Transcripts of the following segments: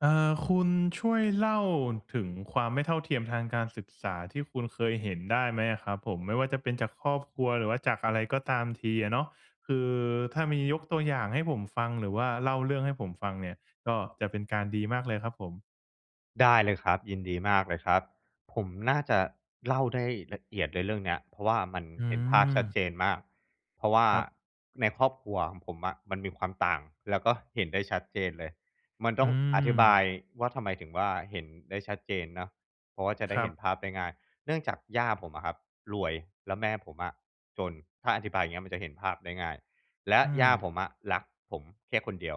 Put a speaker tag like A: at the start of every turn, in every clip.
A: เอ่อ คุณช่วยเล่าถึงความไม่เท่าเทียมทางการศึกษาที่คุณเคยเห็นได้ไหมอะครับผม? ไม่ว่าจะเป็นจากครอบครัว หรือว่าจากอะไรก็ตามทีอะเนาะ คือถ้ามียกตัวอย่างให้ผมฟัง หรือว่าเล่าเรื่องให้ผมฟังเนี่ย ก็จะเป็นการดีมากเลยครับผม
B: ได้เลยครับ ยินดีมากเลยครับ ผมน่าจะเล่าได้ละเอียดเลยเรื่องเนี้ย เพราะว่ามัน
A: อื
B: เห็นภาพชัด
A: ม
B: เจนมาก เพราะว่า
A: ครับ
B: ในครอบครัวของผมอะ มันมีความต่างแล้วก็เห็นได้ชัดเจนเลย มันต
A: อื
B: ้องอธิบาย
A: ม
B: ว่า ทำไมถึงว่า เห็นได้ชัดเจนเนาะ เพราะว่าจะได
A: ค
B: ้
A: ร
B: เ
A: ั
B: ห็
A: บ
B: นภาพได้ง่าย เนื่องจากย่าผมอะครับรวย แล้วแม่ผมอะจน ถ้าอธิบายอย่างเงี้ยมันจะเห็นภาพได้ง่าย และ
A: อื
B: ย่า
A: ม
B: ผมอะรักผมแค่คนเดียว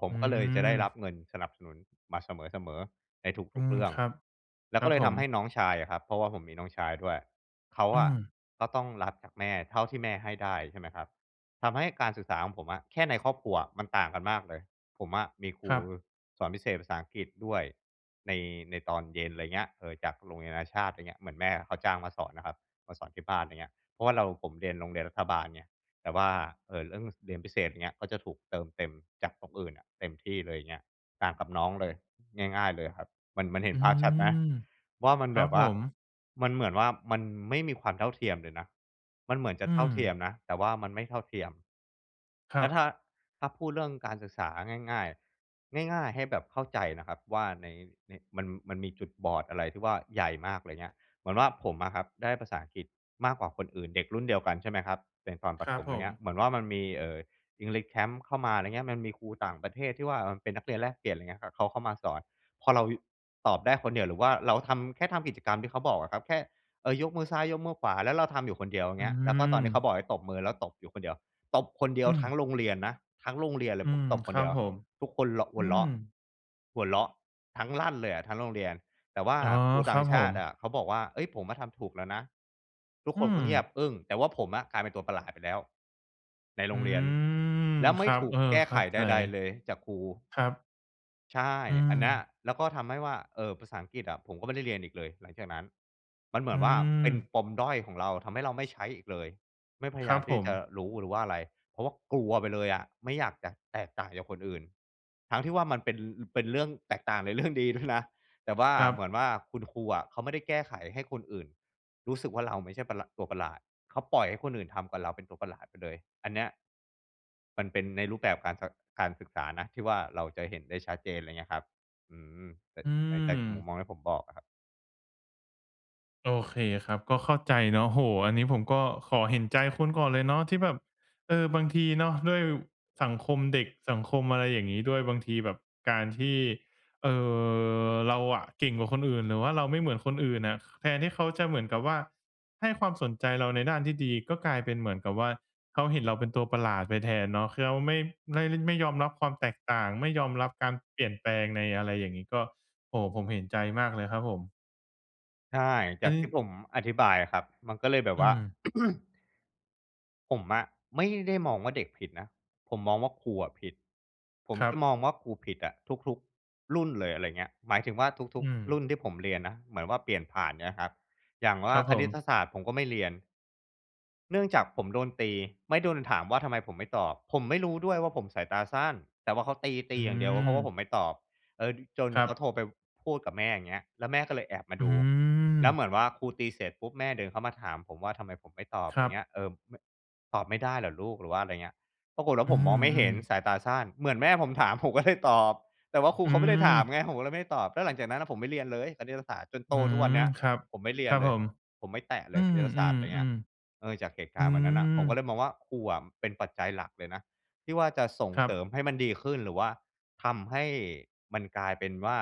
B: ผม
A: อื
B: ก็เลยจะได้รั
A: ม
B: บเงินสนับสนุนมาเสมอ ๆ ในท
A: อื
B: ุก ๆ
A: ม
B: เรื่อง
A: ครับ
B: แล้
A: ค
B: ว
A: ร
B: ก
A: ั
B: ็
A: บ
B: เลย
A: ผ
B: ทำให้
A: ม
B: น้องชายอะครับ เพราะว่าผมมีน้องชายด้วย เขา
A: อื
B: อะ
A: ม
B: ก็ต้องรับจากแม่เท่าที่แม่ให้ได้ ใช่ไหมครับ ทำให้การศึกษาของผมอะ แค่ในครอบครัวอะมันต่างกันมากเลย ผมอะมีคร
A: ค
B: ู
A: รับ
B: สอนพิเศษภาษาอังกฤษด้วย ใน ในตอนเย็น ไรเงี้ย เออ จากโรงเรียนนานาชาติ อย่างเงี้ย เหมือนแม่เขาจ้างมาสอนอะครับ มาสอนที่บ้าน ไรเงี้ย เพราะว่าเรา ผมเรียนโรงเรียนรัฐบาลไง แต่ว่า เอ่อ เรื่องเรียนพิเศษ อย่างเงี้ย ก็จะถูกเติมเต็มจากตรงอื่นอะ เต็มที่เลย เงี้ย ต่างกับน้องเลย ง่าย ๆ เลยครับ มัน มันเห็
A: อ
B: น
A: ื
B: ภาพชัดไหม?
A: ม
B: ว่ามัน
A: คร
B: แ
A: ั
B: บ
A: บ
B: บว
A: ผ
B: ่า
A: ม
B: มันเหมือนว่า มันไม่มีความเท่าเทียมเลยนะ มันเหมือนจะ
A: อื
B: เท่าเทีย
A: ม
B: มนะ แต่ว่ามันไม่เท่าเทียม
A: ค
B: แ
A: ร
B: ล
A: ั
B: ้วถ
A: บ
B: ้า ถ้าพูดเรื่องการศึกษาง่าย ๆ ง่าย ๆ ให้แบบเข้าใจนะครับว่าใน ใน มัน มันมีจุดบอดอะไรที่ว่าใหญ่มาก ไรเงี้ย เหมือนว่าผมอะครับได้ภาษาอังกฤษมากกว่าคนอื่น เด็กรุ่นเดียวกัน ใช่ไหมครับ ในตอนปร
A: ค
B: ะ
A: ร
B: ถ
A: ับ
B: ม
A: ผ
B: อย่างเงี้ย
A: ม
B: เหมือนว่ามันมี เอ่อ English Camp เข้ามา ไรเงี้ย มันมีครูต่างประเทศที่ว่า เออ เป็นนักเรียนแลกเปลี่ยน ไรเงี้ย เขาเข้ามาสอน พอเรา ตอบได้คนเดียว หรือว่าเราทำ แค่ทำกิจกรรมที่เขาบอกอะครับ แค่ เอ่อ ยกมือซ้ายยกมือขวา แล้วเราทำอยู่คนเดียว
A: อ
B: เ
A: ื
B: งี้ย แล้วก็ตอนที่เข
A: อ
B: าบอกให้ตบมือ แล้วตบอยู่คนเดียว ตบคนเดีย
A: อ
B: ว
A: ื
B: ทั้ง
A: ม
B: โรงเรียนนะ ทั้งโรงเรียนเล
A: อื
B: ยผม
A: ม
B: ตบค
A: ค
B: น
A: ร
B: เ
A: ั
B: ดี
A: บ
B: ยว
A: ผม
B: ทุกคนเราะ ห
A: อื
B: ัวเร
A: ม
B: าะ หัวเราะทั้งลั่นเลยอะทั้งโรงเรียน แต่ว่า
A: อ๋อ
B: ครูต
A: ค
B: ่
A: ร
B: า
A: ั
B: ง
A: บ
B: ช
A: ผ
B: าต
A: ม
B: ิอะเขาบอกว่า เอ๊ย ผมอะทำถูกแล้วนะ ทุก
A: อ
B: ค
A: ื
B: นก็เงียบ
A: ม
B: อึ้ง แต่ว่าผมอะกลายเป็นตัวประหลาดไปแล้วในโ
A: อ
B: ร
A: ื
B: งเรียน
A: ม
B: แล้วไม
A: ค
B: ่
A: รั
B: ถ
A: บ
B: ู
A: เอ
B: ก
A: อ
B: แก้
A: เข
B: ไ
A: ้
B: ข
A: าใ
B: ใ
A: จ
B: ด ๆ เลยจากครู
A: ครับ
B: ใช่
A: อื
B: อันเนี้ย
A: ม
B: แล้วก็ทำให้ว่า เออ ภาษาอังกฤษอะ ผมก็ไม่ได้เรียนอีกเลยหลังจากนั้น มันเหมื
A: อ
B: อ
A: ื
B: นว่าเป็น
A: ม
B: ปมด้อยของเรา ทำให้เราไม่ใช้อีกเลย ไม่พย
A: ค
B: าย
A: รั
B: า
A: บ
B: มท
A: ผ
B: ี่จะ
A: ม
B: รู้หรือว่าอะไร เพราะว่ากลัวไปเลยอะ ไม่อยากจะแตกต่างจากคนอื่น ทั้งที่ว่ามันเป็น เป็นเรื่องแตกต่างใน เรื่อง ดีด้วยนะ แต่ว่า
A: ครั
B: เห
A: บ
B: มือนว่าคุณครูอะเขาไม่ได้แก้ไขให้คนอื่นรู้สึกว่า เราไม่ใช่ประหละ ตัวประหลาด เขาปล่อยให้คนอื่นทำกับเราเป็นตัวประหลาดไปเลย อันเนี้ย มันเป็นในรูปแบบการ ศ การศึกษานะที่ว่าเราจะเห็นได้ชัดเจน ไรเงี้ยครับ อืม แต่
A: อื
B: แต่จากมุม
A: ม
B: มองที่ผมบอกอะครับ
A: โอเคครับ ก็เข้าใจเนาะ โอ้โฮ อันนี้ผมก็ขอเห็นใจคุณก่อนเลยเนาะ ที่แบบ เออ บางทีเนาะ ด้วยสังคมเด็ก สังคมอะไรอย่างงี้ด้วย บางทีแบบการที่ เอ่อ เราอะเก่งกว่าคนอื่น หรือว่าเราไม่เหมือนคนอื่นน่ะ แทนที่เขาจะเหมือนกับว่าให้ความสนใจเราในด้านที่ดี ก็กลายเป็นเหมือนกับว่า เขาเห็นเราเป็นตัวประหลาดไปแทนเนาะ คือเขาไม่ ไม่เล่น ไม่ยอมรับความแตกต่าง ไม่ยอมรับการเปลี่ยนแปลงในอะไรอย่างงี้ ก็ โอ้ ผมเห็นใจมากเลยครับผม
B: ใช่
A: เ
B: จ
A: อ
B: า
A: า
B: ก
A: จร
B: ท
A: ิ
B: ี่
A: ง
B: ผมอธิบายอะครับ มันก็เลยแบบ
A: อื
B: ว่า
A: ม
B: ผมอะไม่ได้มองว่าเด็กผิดนะ ผมมองว่าครูอะผิด ผม
A: ครั
B: จะ
A: บ
B: มองว่าครูผิดอะทุก ๆ รุ่นเลย อะไรเงี้ย หมายถึงว่าทุ
A: อื
B: ก ๆ รุ
A: ม
B: ่นที่ผมเรียนนะ เหมือนว่าเปลี่ยนผ่านใช่ไหมครับ อย่างว
A: ค
B: ่า
A: รับ
B: ค
A: ผ
B: ณิต
A: ม
B: ศาสตร์ผมก็ไม่เรียน เนื่องจากผมโดนตี ไม่โดนถามว่าทำไมผมไม่ตอบ ผมไม่รู้ด้วยว่าผมสายตาสั้น แต่ว่าเขาต
A: อ
B: ี
A: ื
B: ๆ อย่างเดียว เพราะว่าผ
A: ม
B: มไม่ตอบ เออ จน
A: ครั
B: เขา
A: บ
B: โทรไปพูดกับแม่ อย่างเงี้ย แล้วแม่ก็เลยแอบมา
A: อื
B: ดู แล้วเห
A: ม
B: มือนว่าครูตีเสร็จปุ๊บ แม่เดินเข้ามาถามผมว่าทำไมผมไม่ตอบ
A: ค
B: ไร
A: รั
B: เง
A: บ
B: ี้ย เออ ไม่ ตอบไม่ได้เหรอลูก? หรือว่าไรเงี้ย ปรากฏว่า
A: อื
B: ผมมองไม่เห็น
A: ม ๆ
B: สายตาสั้น เหมือนแม่ผมถาม ผมก็เลยตอบ แต่ว่าครู
A: อื
B: เขาไม่ได้ถาม
A: ม
B: ไง ผมก็เลยไม่ได้ตอบ แล้วหลังจากนั้นน่ะผมไม่เรียนเลยคณิตศาสตร์ จนโ
A: อ
B: ต
A: ื
B: ทุกว
A: ม
B: ันเนี่ย
A: ครับ
B: ผมไม่เรี
A: ค
B: ย
A: ร
B: น
A: ับ
B: เล
A: ผ
B: ย
A: ม
B: ผมไม่แตะเ
A: อ
B: ล
A: ื
B: ยคณิตศาสต
A: ม
B: ร์ ไรเงี้ย
A: ๆ
B: เออ จากเหตุ
A: ๆ
B: ก
A: อื
B: ารณ์วันนั้นน่ะ ผมก็เ
A: ม
B: ลยมองว่า ครูอะเป็นปัจจัยหลักเลยนะที่ว่าจะส่ง
A: ครั
B: เสริ
A: บ
B: มให้มันดีขึ้น หรือว่าทำให้มันกลายเป็นว่า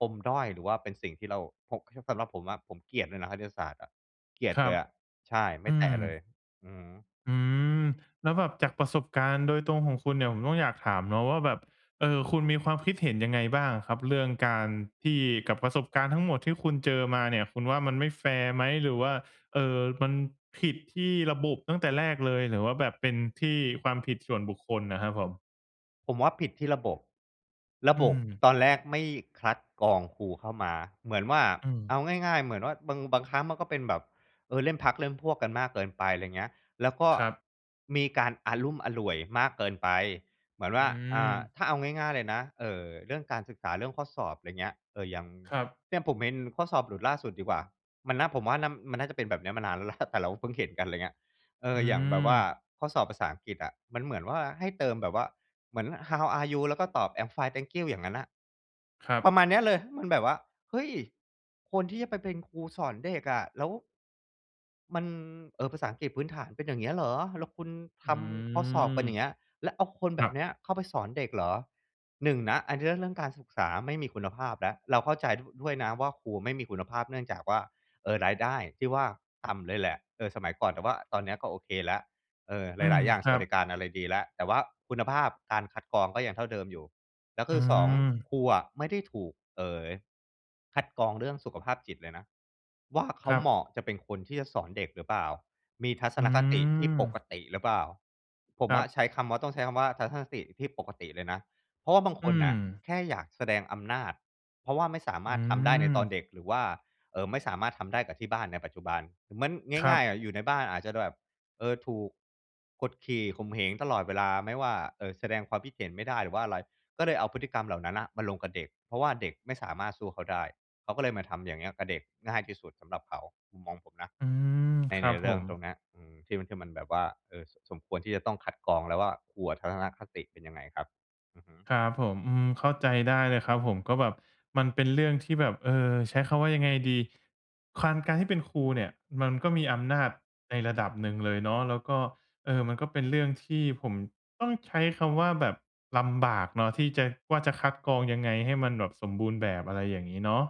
B: ปมด้อย หรือว่าเป็นสิ่งที่เรา พก สำหรับผมอะ ผมเกลียดเลยนะ คณิตศาสตร์อะ เกลีย
A: ค
B: ด
A: ร
B: เล
A: ับ
B: ยอะ ใช่ ไม
A: อ
B: ่
A: ื
B: แต
A: ม
B: ะเลย อือฮึ
A: อืม แล้วแบบจากประสบการณ์โดยตรงของคุณเนี่ย ผมก็อยากถามเนาะว่าแบบ เอ่อ คุณมีความคิดเห็นยังไงบ้างอะครับ เรื่องการที่ กับประสบการณ์ทั้งหมดที่คุณเจอมาเนี่ย คุณว่ามันไม่แฟร์ไหม? หรือว่า เอ่อ มันผิดที่ระบบตั้งแต่แรกเลย หรือว่าแบบเป็นที่ความผิดส่วนบุคคลอะครับผม?
B: ผมว่าผิดที่ระบบ ระ
A: อื
B: บบ
A: ม
B: ตอนแรกไม่คัดกรองครูเข้ามา เหมือนว่า
A: อื
B: เอ
A: ม
B: าง่าย ๆ เหมือนว่า บาง บางครั้งมันก็เป็นแบบ เออ เล่นพรรคเล่นพวกกันมากเกินไป ไรเงี้ย แล้วก็
A: ครับ
B: มีการอะลุ่มอล่วยมากเกินไป เหมือนว
A: อ
B: ่
A: ื
B: า อ่า
A: ม
B: ถ้าเอาง่าย ๆ เลยนะ เอ่อ เรื่องการศึกษา เรื่องข้อสอบ ไรเงี้ย เออ อย่าง
A: ครับ
B: เนี่ย ผมเห็นข้อสอบหลุดล่าสุดดีกว่า มันน่า ผมว่าน่ำ มันน่าจะเป็นแบบเนี้ยมานานแล้ว แหละ แต่เราเพิ่งเห็นกัน ไรเงี้ย เอ
A: อ
B: อ
A: ื
B: อย่างแบบว่า
A: ม
B: ข้อสอบภาษาอังกฤษอะ มันเหมือนว่า ให้เติมแบบว่าเหมือน How are you? แล้วก็ตอบ I'm fine, thank you. อย่างงั้นน่ะ
A: ครั
B: ปร
A: บ
B: ะมาณเนี้ยเลย มันแบบว่า เฮ้ย คนที่จะไปเป็นครูสอนเด็กอะ แล้ว มัน เออ ภาษาอังกฤษพื้นฐานเป็นอย่างเงี้ยเหรอ แล้วคุณท
A: อื
B: ำข้อสอบกันอย่าง
A: ม
B: เงี้ย แล้วเอาคนแบ
A: คร
B: บ
A: ับ
B: เนี้ยเข้าไปสอนเด็กเหรอ 1 นะ อันเนี้ยเรื่อง เรื่องการศึกษาไม่มีคุณภาพแล้ว เราเข้าใจ ด ด้วยนะว่า ครูอะไม่มีคุณภาพ เนื่องจากว่า เออ รายได้ที่ว่า ต่ำเลยแหละ เออ สมัยก่อน แต่ว่าตอนเนี้ยก็โอเคแล้ว เออ
A: อื
B: หล
A: ม
B: าย ๆ อย่าง
A: ค
B: ส
A: ร
B: ว
A: ั
B: ัส
A: บ
B: ดิการอะไรดีแล้ว แต่ว่าคุณภาพการคัดกรองก็ยังเท่าเดิมอยู่ แล้วค
A: อื
B: ือ 2
A: ม
B: ครูอะไม่ได้ถูก เอ่อ คัดกรองเรื่องสุขภาพจิตเลยนะว่า เขา
A: ครั
B: เหม
A: บ
B: าะจะเป็นคนที่จะสอนเด็กหรือเปล่า มีทัศ
A: อื
B: นคติที่ป
A: ม
B: กติหรือเปล่า ผม
A: คร
B: ว
A: ั
B: ่า
A: บ
B: ใช้คำว่า ต้องใช้คำว่า ทัศนคติที่ปกติเลยนะ เพราะว่าบางค
A: อื
B: นน่ะ
A: อ
B: แค่อยากแสดงอำนาจ เพราะว่าไม่สาม
A: อื
B: ารถทำได้ในตอน
A: ม
B: เด็ก หรือว่า เอ่อ ไม่สามารถทำได้กับที่บ้านในปัจจุบัน ห เหมือน
A: คร
B: ง
A: ั
B: ่าย
A: บ
B: ๆ อะอยู่ในบ้านอาจจะแบบ เออ ถูกกดขี่ข่มเหงตลอดเวลา ไม่ว่า เอ่อ แสดงความคิดเห็นไม่ได้หรือว่าอะไร ก็เลยเอาพฤติกรรมเหล่านั้นน่ะมาลงกับเด็ก เพราะว่าเด็กไม่สามารถสู้เขาได้ เขาก็เลยมาทำอย่างเงี้ยกับเด็ก ง่ายที่สุดสำหรับเขา มุมมองผมนะ
A: อืม
B: ใน
A: ค
B: ใ
A: ร
B: น
A: ับ
B: เร
A: ผ
B: ื่อง
A: ม
B: ตรงเนี้ย อือ ที่มัน ที่มันแบบว่า เออ ส สมควรที่จะต้องคัดกรองแล้วว่า ครูอะทัศนคติเป็นยังไงครับ อือฮึ
A: ครับผม อืม เข้าใจได้เลยครับผม ก็แบบมันเป็นเรื่องที่แบบ เอ่อ ใช้คำว่า ยังไงดี? ควาน การที่เป็นครูเนี่ยมันก็มีอำนาจในระดับหนึ่งเลยเนาะ แล้วก็ เอ่อ มันก็เป็นเรื่องที่ผม ต้องใช้คำว่า แบบลำบากเนาะ ที่จะ ว่า จะคัดกรองยังไงให้มันแบบสมบูรณ์แบบ อะไรอย่างงี้เนาะ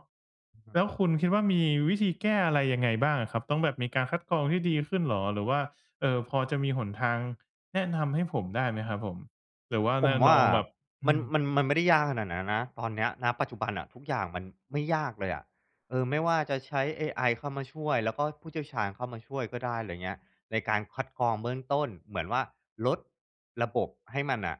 B: อือ
A: แล้ว
B: ฮึ
A: คุณคิดว่า มีวิธีแก้อะไรยังไงบ้างอะครับ? ต้องแบบมีการคัดกรองที่ดีขึ้นเหรอ? หรือว่า เอ่อ พอจะมีหนทางแนะนำให้ผมได้ไหมครับผม? หรือว่า
B: ผ
A: แน
B: ม
A: ่ะ
B: ว
A: น
B: ่า
A: องแบบ อ
B: ม
A: ื
B: ัน
A: ม
B: มัน มันไม่ได้ยากขนาดนั้นนะ ตอนเนี้ย ณ ปัจจุบันอะ ทุกอย่างมันไม่ยากเลยอะ เออ ไม่ว่าจะใช้เอไอเข้ามาช่วย แล้วก็ผู้เชี่ยวชาญเข้ามาช่วยก็ได้ ไรเงี้ย ในการคัดกรองเบื้องต้น เหมือนว่า ลดระบบให้มันน่ะ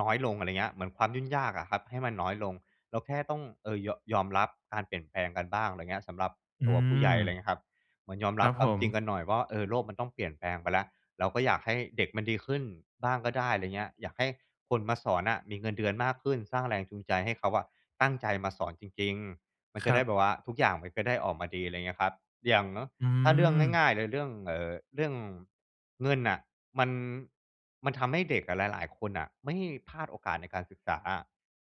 B: น้อยลง อะไรเงี้ย เหมือนความยุ่ง ยากอะครับให้มันน้อยลง เราแค่ต้อง เออ ยอ ยอมรับการเปลี่ยนแปลงกันบ้าง ไรเงี้ย สำหรับ
A: อื
B: ตัวผู้ใหญ่ อะไรเ
A: ม
B: งี้ยครับ เหมือนยอม
A: ค
B: รั
A: ร
B: บ
A: ับ
B: คว
A: ผ
B: ามจริง
A: ม
B: กันหน่อยว่า เออ โลกมันต้องเปลี่ยนแปลงไปแล้ว แล้วก็อยากให้เด็กมันดีขึ้นบ้างก็ได้ ไรเงี้ย อยากให้คนมาสอนน่ะมีเงินเดือนมากขึ้น สร้างแรงจูงใจให้เขาอะตั้งใจมาสอนจริง ๆ มันจ
A: ค
B: ะ
A: ร
B: ได
A: ั
B: ้
A: บ
B: แบบว่าทุกอย่างมันจะได้ออกมาดี ไรเงี้ยครับ อย่างเนาะ
A: อื
B: ถ้าเรื่องง
A: ม
B: ่าย ๆ เลย เรื่อง เอ่อ เรื่องเงินน่ะ มัน มันทำให้เด็กอะหลาย ๆ คนน่ะ ไม่ พลาดโอกาสในการศึกษาอะ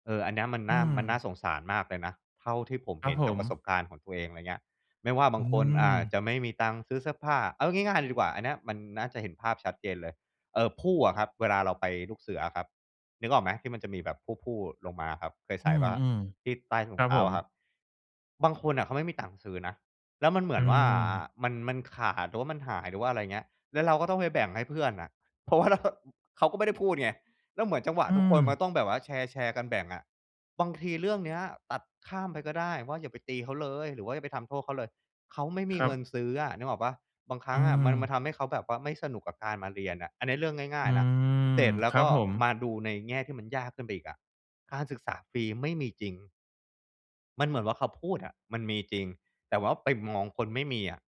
B: เออ อันเนี้ยมัน
A: อ
B: น
A: ื
B: ่า
A: อ
B: มันน่าสงสารมากเลยนะ เท่าที่ผม
A: คร
B: เห
A: ับ
B: ็น
A: ผ
B: จากประส
A: ม
B: บการณ์ของตัวเอง ไรเงี้ย ไม่ว่าบ
A: อ
B: า
A: ื
B: งคน อ่า
A: ม
B: จะไม่มีตังค์ซื้อเสื้อผ้า เอาง่าย ๆ เลยดีกว่า อันเนี้ย มันน่าจะเห็นภาพชัดเจนเลย เอ่อ พู่อะครับ เวลาเราไปลูกเสืออะครับ นึกออกไหม? ที่มันจะมีแบบพู่ ๆ
A: ค
B: ล
A: รั
B: ง
A: บ
B: มาครับ เคยใส
A: อื
B: ่เปล่าครับ?
A: อ
B: ที่ใต้ถ
A: ๆ
B: ุ
A: คร
B: ง
A: ั
B: เ
A: บ
B: ท้
A: ผ
B: า
A: ม
B: อะครับ บางคนน่ะเขาไม่มีตังค์ซื้อนะ แล้วมันเหม
A: อ
B: ื
A: ื
B: อนว่า อะ อะ
A: ม
B: มัน มันขาด หรือว่ามันหาย หรือว่าอะไรเงี้ย แล้วเราก็ต้องไปแบ่งให้เพื่อนน่ะ เพราะว่า เรา เขาก็ไม่ได้พูดไง แล้วเหมือนจังหวะ
A: อื
B: ทุกคนมันก
A: ม
B: ็ต้องแบบว่าแชร์ ๆ กันแบ่งอะ บางทีเรื่องเนี้ยตัดข้ามไปก็ได้ว่า อย่าไปตีเขาเลย หรือว่าอย่าไปทำโทษเขาเลย เขาไม่มี
A: คร
B: เ
A: ั
B: งิ
A: บ
B: นซื้ออะ นึกออกเปล่า? บางครั
A: อื
B: ้งอะมัน มัน
A: ม
B: ทำให้เขาแบบว่าไม่สนุกกับการมาเรียนน่ะ อันเนี้ย เรื่องง่
A: อ
B: า
A: ื
B: ย ๆ นะ เ
A: ม
B: สร็จแล้
A: ค
B: ว
A: ร
B: ก
A: ับ
B: ็
A: ผม
B: มาดูในแง่ที่มันยากขึ้นไปอีกอะ การศึกษาฟรีไม่มีจริง มันเหมือนว่า เขาพูดอะ มันมีจริง แต่ว่าไปมองคนไม่มีอะ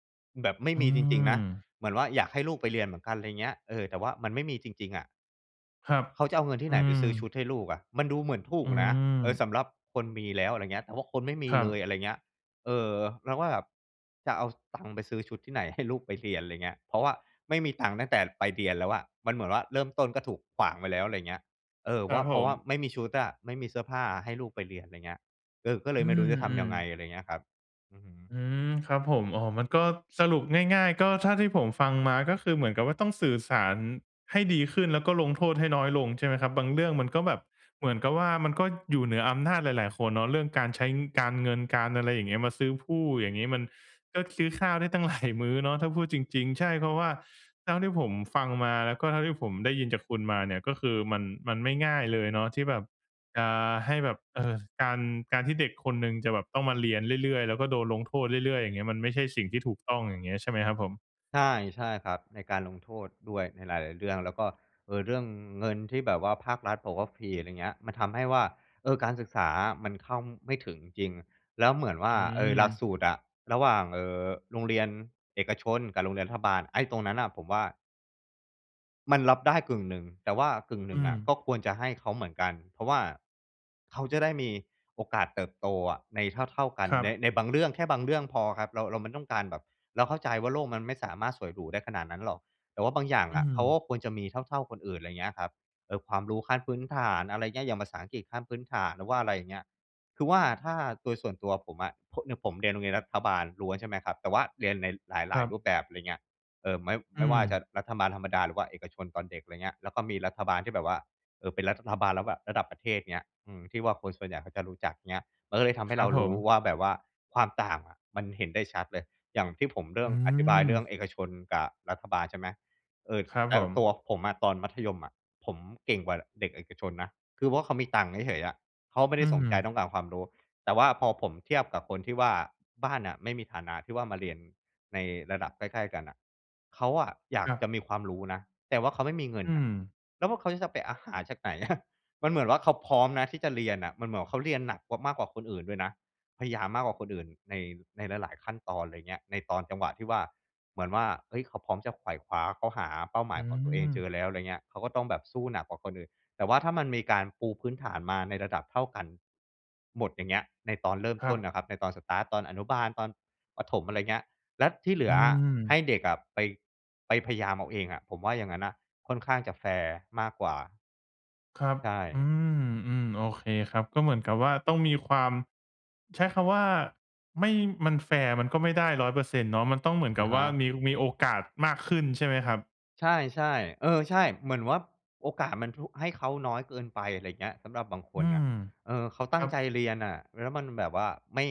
B: แบบไม่
A: อื
B: ม
A: อ
B: ีจริง ๆ นะ เหมือนว่า อยากให้ลูกไปเรียนเหมือนกัน ไรเงี้ย เออ แต่ว่ามันไม่มีจริง ๆ อะ
A: ครับ
B: เขาจะเอาเงินท
A: อ
B: ี่ไห
A: ื
B: นไปซื้อช
A: อ
B: ุดให้ลูกอะ มันดูเหมือนถู
A: อื
B: กนะ เออ
A: ม
B: สำหรับคนมีแล้ว อะไรเงี้ย แต่ว่าคนไม่มี
A: ครั
B: เลย
A: บ
B: อะไรเงี้ย เออ เราก็แบบจะเอาสตางค์ไปซื้อชุดที่ไหนให้ลูกไปเรียน ไรเงี้ย เพราะว่าไม่มีตังค์ตั้งแต่ไปเรียนแล้วอะ มันเหมือนว่าเริ่มต้นก็ถูกขวางไปแล้ว ไรเงี้ย เออ
A: คร
B: ว
A: ั
B: ่า
A: บ
B: เ
A: ผ
B: พราะว่า
A: ม
B: ไม่มีชุดอะ ไม่มีเสื้อผ้าอะให้ลูกไปเรียน ไรเงี้ย เออ ก็เล
A: อื
B: ยไม่รู้จะทำยั
A: อ
B: งไง
A: ๆ
B: อะไรเงี้ยครับ อือฮึ
A: อืม ครับผม อ๋อ มันก็ สรุปง่าย ๆ ก็เท่าที่ผมฟังมาก็คือเหมือนกับว่า ต้องสื่อสารให้ดีขึ้น แล้วก็ลงโทษให้น้อยลงใช่ไหมครับ บางเรื่องมันก็แบบเหมือนกับว่า มันก็อยู่เหนืออำนาจหลาย ๆ คนเนาะ เรื่องการใช้ ง การเงินการอะไร อย่างเงี้ย มาซื้อพู่ อย่างงี้ มันก็ซื้อข้าวได้ตั้งหลายมื้อเนาะ ถ้าพูดจริง ๆ ใช่ เพราะว่าเท่าที่ผมฟังมาแล้วก็เท่าที่ผมได้ยินจากคุณมาเนี่ย ก็คือมัน มันไม่ง่ายเลยเนาะที่แบบจะให้แบบ เออ การ การที่เด็กคนหนึ่งจะแบบต้องมาเรียนเรื่อย ๆ แล้วก็โดนลงโทษเรื่อย ๆ อย่างเงี้ย มันไม่ใช่สิ่งที่ถูกต้อง อย่างเงี้ย ใช่ไหมครับผม?
B: ใช่ ใช่ครับ ในการลงโทษด้วย ในหลาย ๆ เรื่อง แล้วก็ เอ่อ เรื่องเงินที่แบบว่าภาครัฐบอกว่าฟรี อะไรเงี้ย มันทำให้ว่า เออ การศึกษาอะมันเข้าไม่ถึงจริง แล้วเหมือนว่า
A: อื
B: เออ หลัก
A: ม
B: สูตรอะ ระหว่าง เอ่อ โรงเรียนเอกชนกับโรงเรียนรัฐบาล ไอ้ตรงนั้นน่ะผมว่า มันรับได้กึ่งหนึ่ง แต่ว่ากึ่งหน
A: อ
B: ึ
A: ื
B: ่งอะก
A: ม
B: ็ควรจะให้เขาเหมือนกัน เพราะว่าเขาจะได้มีโอกาสเติบโตอะในเท่า ๆ กัน
A: ครั
B: ใน
A: บ
B: ในบางเรื่อง แค่บางเรื่องพอครับ เรา เราไม่ต้องการแบบ เราเข้าใจว่าโลกมันไม่สามารถสวยหรูได้ขนาดนั้นหรอก แต่ว่าบางอย่าง
A: อ
B: อ
A: ื
B: ะเขา
A: ม
B: ก็ควรจะมีเท่า ๆ คนอื่น ไรเงี้ยครับ เออ ความรู้ขั้นพื้นฐาน อะไรเงี้ย อย่างภาษาอังกฤษขั้นพื้นฐาน หรือว่าอะไรอย่างเงี้ย คือว่าถ้าโดยส่วนตัวผมอะ ผ เนี่ยผมเรียนโรงเรียนรัฐบาลล้วน ใช่ไหมครับ แต่ว่าเรียนในห
A: ค
B: ลา
A: ร
B: ย
A: ั
B: ๆ
A: บ
B: รูปแบบ ไรเงี้ย เอ่อ ไม่
A: อ
B: ไ
A: ื
B: ม่ว่าจะ
A: ม
B: รัฐบาลธรรมดาหรือว่าเอกชนตอนเด็ก ไรเงี้ย แล้วก็มีรัฐบาลที่แบบว่า เออ เป็นรัฐบาลแล้วแบบระดับประเทศ เงี้ย อืม ที่ว่าคนส่วนใหญ่เขาจะรู้จัก เงี้ย มันก็เลยทำให
A: ค
B: ้
A: ร
B: เ
A: ั
B: ร
A: บ
B: า
A: ผ
B: รู้
A: ม
B: ว่าแบบว่า ความต่างอะมันเห็นได้ชัดเลย อย่างที่ผมเริ่
A: อื
B: มอธิบายเรื่อ
A: ม
B: งเอกชนกับรัฐบาล ใช่ไหม เออ
A: ครับ
B: แต
A: ผ
B: ่ต
A: ม
B: ัวผมอะตอนมัธยมอะ ผมเก่งกว่าเด็กเอกชนนะ คือพวกเขามีตังค์เฉย ๆ อะ เขาไม่ไ
A: อ
B: ด
A: ื
B: ้สนใจ
A: ม
B: ต้องการความรู้ แต่ว่าพอผมเทียบกับคนที่ว่าบ้านอะไม่มีฐานะที่ว่ามาเรียนในระดับใกล้ ๆ กันอะ เขาอะอยา
A: ค
B: ก
A: รับ
B: จะมีความรู้นะ แต่ว่าเขาไม่มีเงิ
A: อ
B: น
A: ื
B: อะ
A: ม
B: แล้วพวกเขาจะไป อ่า หาจากไหน อะ มันเหมือนว่าเขาพร้อมนะที่จะเรียนน่ะ มันเหมือนว่าเขาเรียนหนักกว่า มากกว่าคนอื่นด้วยนะ พยายามมากกว่าคนอื่น ใน ในหลาย ๆ ขั้นตอน ไรเงี้ย ในตอนจังหวะที่ว่าเหมือนว่า เฮ้ย เขาพร้อมจะไขว่คว้า เขาหาเป้าหม
A: อ
B: า
A: ื
B: ยของตัวเองเจ
A: ม
B: อแล้ว ไรเงี้ย เขาก็ต้องแบบสู้หนักกว่าคนอื่น แต่ว่าถ้ามันมีการปูพื้นฐานมาในระดับเท่ากันหมด อย่างเงี้ย ในตอนเริ่ม
A: คร
B: ต
A: ั
B: ้น
A: บ
B: นะครับ ในตอน สตาร์ต ตอนอนุบาล ตอนประถม อะไรเงี้ย แล้วที่เหลื
A: อื
B: อให้
A: ม
B: เด็กอะไป ไปพยายามเอาเองอะ ผมว่าอย่างงั้นอะค่อนข้างจะแฟร์มากกว่า
A: ครับ
B: ใช
A: อื
B: ่
A: ม อืม โอเคครับ ก็เหมือนกับว่าต้องมีความ ใช้คำว่า ไม่ มันแฟร์มันก็ไม่ได้ 100% เนาะ มันต้องเหมือน
B: อ
A: กั
B: ะ
A: บ
B: ฮ
A: ว่า
B: ะ
A: มี มีโอกาสมากขึ้นใช่ไหมครับ?
B: ใช่ ๆ เออ ใช่ เหมือนว่าโอกาสมันทุ ให้เขาน้อยเกินไป ไรเงี้ย สำหรับบางค
A: อื
B: นอะ
A: ม
B: เออ เขาต
A: ค
B: ั
A: ร
B: ้
A: ั
B: งใจ
A: บ
B: เรียนน่ะ แล้วมันแบบว่า ไม่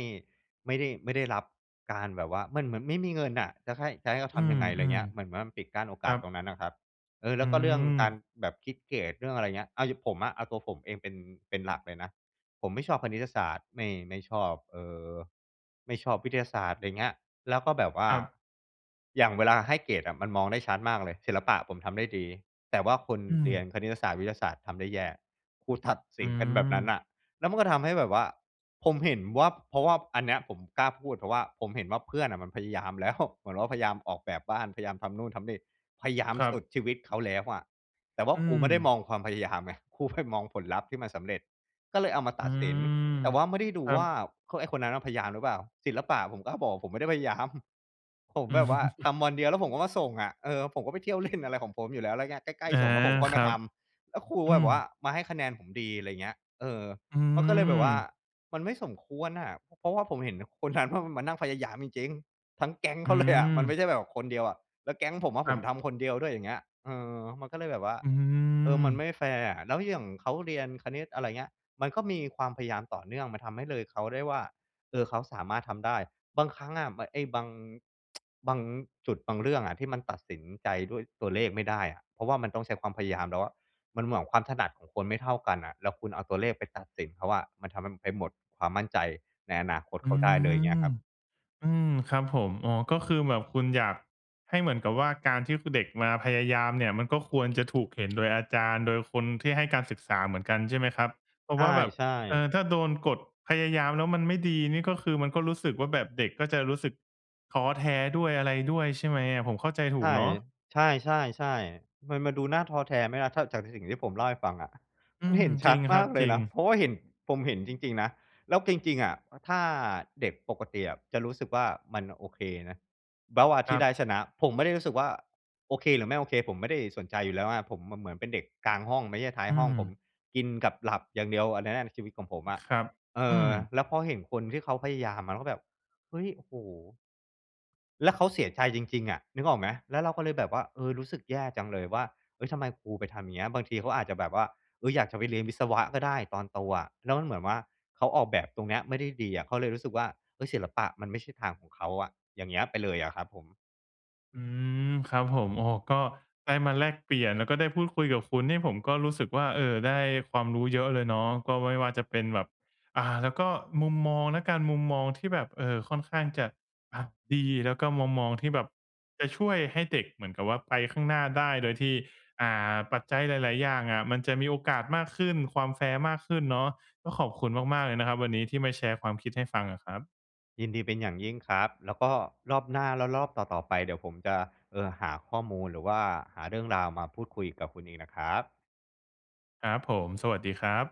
B: ไม่ได้ ไม่ได้รับการแบบว่า เหมือนมันไม่มีเงินอะ จะให้ จะให้เขา
A: อ
B: ท
A: ื
B: ำยังไง ไรเง
A: ม
B: ี้ย เหมือนมันปิดกั้นโอ
A: ๆ ค
B: ก
A: ร
B: า
A: ั
B: สตร
A: บ
B: งนั้นอะครับ เออ แล
A: อ
B: ้
A: ื
B: วก็เรื่องการ
A: ม
B: แบบคิดเกรด เรื่องอะไรเงี้ย เอาอย่างผมอะ เอาตัวผมเองเป็น เป็นหลักเลยนะ ผมไม่ชอบคณิตศาสตร์ ไม่ ไม่ชอบ เอ่อ ไม่ชอบวิทยาศาสตร์ ไรเงี้ย แล้วก็แบบว่า
A: ครับ
B: อย่างเวลาให้เกรดอะมันมองได้ชัดมากเลย ศิลปะผมทำได้ดี แต่ว่าคน
A: อื
B: เรีย
A: ม
B: นคณิตศาสตร์ วิทยาศาสตร์ทำได้แย่ ครูตัดส
A: อ
B: ิ
A: ื
B: นกันแบบนั้น
A: ม
B: น่ะ แล้วมันก็ทำให้แบบว่า ผมเห็นว่า เพราะว่าอันเนี้ยผมกล้าพูด เพราะว่าผมเห็นว่าเพื่อนน่ะมันพยายามแล้ว เหมือนว่าพยายามออกแบบบ้าน พยายามทำนู่นทำนี่ พยายาม
A: ครั
B: สุ
A: บ
B: ดชีวิตเขาแล้วอะ แต่ว่า
A: อื
B: ครูไม่ได้ม
A: ม
B: องความพยายามไง ครูไปมองผลลัพธ์ที่มันสำเร็จ ก็เลยเอามาต
A: อื
B: ัดสิน
A: ม
B: แต่ว่าไม่ได้ดู
A: ครั
B: ว่า
A: บ
B: คน ไอ้คนนั้นพยายามหรือเปล่า ศิลปะผมก็บอกผมไม่ได้พยายาม ผม
A: อื
B: แบบว่าท
A: ม
B: ำวันเดียวแล้วผมก็มาส่งอะ เออ ผมก็ไปเที่ยวเล่นอะไรของผมอยู่แล้ว แล้วไง ใกล้
A: อา
B: ๆ ส่งแล้วผมค่อย
A: ค
B: ม
A: ร
B: า
A: ั
B: ท
A: บ
B: ำ แล้วครู
A: อื
B: แบบว่า
A: ม
B: มาให้คะแนนผมดี ไรเงี้ย เออ
A: อื
B: เขาก็เลยแบบว่า
A: ม
B: มันไม่สมควรน่ะ เพราะว่าผมเห็นคนนั้นว่ามันมานั่งพยายามจริง ๆ ทั้งแก๊งเ
A: อ
B: ข
A: ื
B: าเลยอะ มันไม
A: ม
B: ่ใช่แบบคนเดียวอะ แล้วแก๊งผมอะ
A: ค
B: ผ
A: รั
B: ม
A: บ
B: ทำคนเดียวด้วย อย่างเงี้ย เออ มันก็เลยแบบว่า
A: อื
B: เออ มันไ
A: ม
B: ม่แฟร์อะ แล้วอย่างเขาเรียนคณิต อะไรเงี้ย มันก็มีความพยายามต่อเนื่อง มันทำให้เลยเขาได้ว่า เออ เขาสามารถทำได้ บางครั้งอะเหมือนไอ้บาง บางจุดบางเรื่องอะ ที่มันตัดสินใจด้วยตัวเลขไม่ได้อะ เพราะว่ามันต้องใช้ความพยายามแล้วอะ มันเหมือนกับความถนัดของคนไม่เท่ากันน่ะ แล้วคุณเอาตัวเลขไปตัดสินเขาอะ มันทำให้ไปหมดความมั่นใจในอนาคต
A: อ
B: เข
A: ื
B: าได้เลย เงี้
A: ม
B: ยครับ
A: อืม ครับผม อ๋อ ก็คือแบบคุณอยากให้เหมือนกับว่า การที่เด็กมาพยายามเนี่ย มันก็ควรจะถูกเห็นโดยอาจารย์ โดยคนที่ให้การศึกษาเหมือนกัน ใช่ไหมครับ เพรา
B: ใ
A: ะว่าแบบ
B: ช่
A: เอ
B: ๆ
A: อ ถ้าโดนกด พยายามแล้วมันไม่ดีนี่ ก็คือมันก็รู้สึกว่าแบบ เด็กก็จะรู้สึกท้อแท้ด้วย อะไรด้วยใช่ไหมอะ ผมเข้าใจถ
B: ใ
A: ู
B: ช
A: ก
B: ่
A: เนาะ?
B: ใช่ ๆ ๆ มันมาดูน่าท้อแท้ไหมล่ะ ถ้าจากสิ่งที่ผมเล่าให้ฟังอะ
A: อื
B: มันเ
A: ม
B: ห็นช
A: จร
B: ั
A: ิ
B: ด
A: งค
B: ม
A: ร
B: า
A: ับ
B: กเล
A: จ
B: ย
A: ริ
B: น
A: ง
B: ะ เพราะว่าเห็น ผมเห็นจริง ๆ นะ แล้วจริง ๆ อะ ถ้าเด็กปกติอะจะรู้สึกว่า มันโอเคนะ เบาท์อะ
A: ค
B: ที
A: ร
B: ่ได้
A: ับ
B: ชนะ ผมไม่ได้รู้สึกว่า โอเคหรือไม่โอเค ผมไม่ได้สนใจอยู่แล้วไง ผมเหมือน เหมือนเป็นเด็กกลางห้อง ไม่ใช่ท้าย
A: อื
B: ห้อง ผม
A: ม
B: กินกับหลับอย่างเดียว อันนั้นน่ะชีวิตของผมอะ
A: ครับ
B: เอ
A: อื
B: อ
A: ม
B: แล้วพอเห็นคนที่เขาพยายามมันก็แบบ เฮ้ย โอ้โฮ แล้วเขาเสียใจจริง ๆ อะ นึกออกไหม แล้วเราก็เลยแบบว่า เออ รู้สึกแย่จังเลยว่า เอ๊ย ทำไมครูไปทำเงี้ย บางทีเขาอาจจะแบบว่า เอ๊ย อยากจะไปเรียนวิศวะก็ได้ตอนโตอะ แล้วเหมือนว่าเขาออกแบบตรงเนี้ยไม่ได้ดีอะ เขาเลยรู้สึกว่า เอ๊ย ศิลปะมันไม่ใช่ทางของเขาอะ อย่างเงี้ยไปเลยอะครับผม
A: อืม ครับผม โอ้ ก็ได้มาแลกเปลี่ยน แล้วก็ได้พูดคุยกับคุณนี่ผมก็รู้สึกว่า เออ ได้ความรู้เยอะเลยเนาะ ก็ไม่ว่าจะเป็นแบบ อ่า แล้วก็มุมมองละกัน มุมมองที่แบบ เออ ค่อนข้างจะอะดี แล้วก็มุมมองที่แบบจะช่วยให้เด็กเหมือนกับว่าไปข้างหน้าได้ โดยที่ อ่า ปัจจัยหลาย ๆ อย่างอะ มันจะมีโอกาสมากขึ้น ความแฟร์มากขึ้นเนาะ ก็ขอบคุณมาก ๆ เลยนะครับ วันนี้ที่มาแชร์ความคิดให้ฟังอะครับ
B: ยินดีเป็นอย่างยิ่งครับ แล้วก็รอบหน้า แล้วรอบต่อ ๆ ไป เดี๋ยวผมจะ เอ่อ หาข้อมูล หรือว่าหาเรื่องราวมาพูดคุยกับคุณอีกนะครับ
A: ครับผม สวัสดีครับ